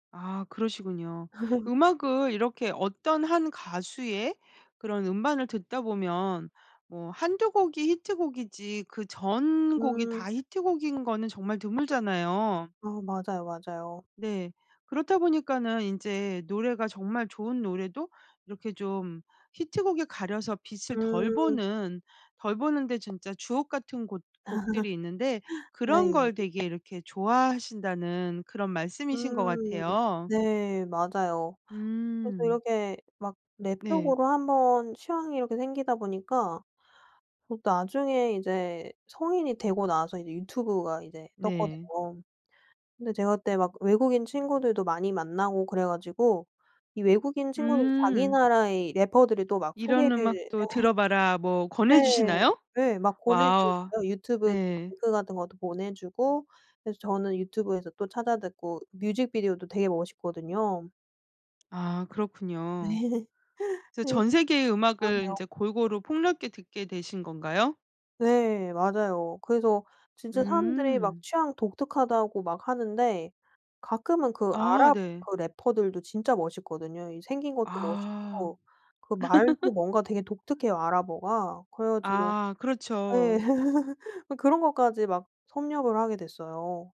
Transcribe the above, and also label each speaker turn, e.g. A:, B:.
A: 아 그러시군요. 음악을 이렇게 어떤 1 가수의 그런 음반을 듣다 보면 뭐 한두 곡이 히트곡이지 그 전곡이
B: 음.
A: 다 히트곡인 거는 정말 드물잖아요.
B: 아 맞아요, 맞아요.
A: 네. 그렇다 보니까는 인제 노래가 정말 좋은 노래도 이렇게 좀 히트곡에 가려서 빛을 덜
B: 음.
A: 보는 덜 보는데 진짜 주옥같은 곳
B: 아
A: 곡들이 있는데
B: 네.
A: 그런 걸 되게 이렇게 좋아하신다는 그런 말씀이신 것
B: 음
A: 같아요.
B: 네 맞아요. 그래서
A: 음.
B: 이렇게 막 랩
A: 네.
B: 쪽으로 한번 취향이 이렇게 생기다 보니까 그 나중에 이제 성인이 되고 나서 이제 유튜브가 이제
A: 네.
B: 떴거든요. 근데 제가 그때 막 외국인 친구들도 많이 만나고 그래 가지고 이 외국인 친구들이 자기
A: 음.
B: 나라의 래퍼들이 또 막 소개를
A: "이런
B: 네.
A: 음악도 들어봐라." 뭐 권해
B: 네.
A: 주시나요?
B: 네 막 보내 주는
A: 와.
B: 거예요. 유튜브 그
A: 네.
B: 링크 같은 것도 보내 주고 그래서 저는 유튜브에서 또 찾아 듣고 뮤직비디오도 되게 멋있거든요.
A: 아
B: 네.
A: 그렇군요. 그래서
B: 네.
A: 전 세계의 음악을
B: 맞아요.
A: 인제 골고루 폭넓게 듣게 되신 건가요?
B: 네 맞아요. 그래서 진짜 사람들이 막
A: 음.
B: 취향 독특하다고 막 하는데 가끔은 그
A: 아
B: 아랍
A: 네.
B: 그 래퍼들도 진짜 멋있거든요. 이 생긴 것도
A: 아.
B: 멋있고 그 말도 뭔가 되게 독특해요, 아랍어가. 그래 가지고
A: 아
B: 예.
A: 그렇죠.
B: 그런 것까지 막 섭렵을 하게 됐어요.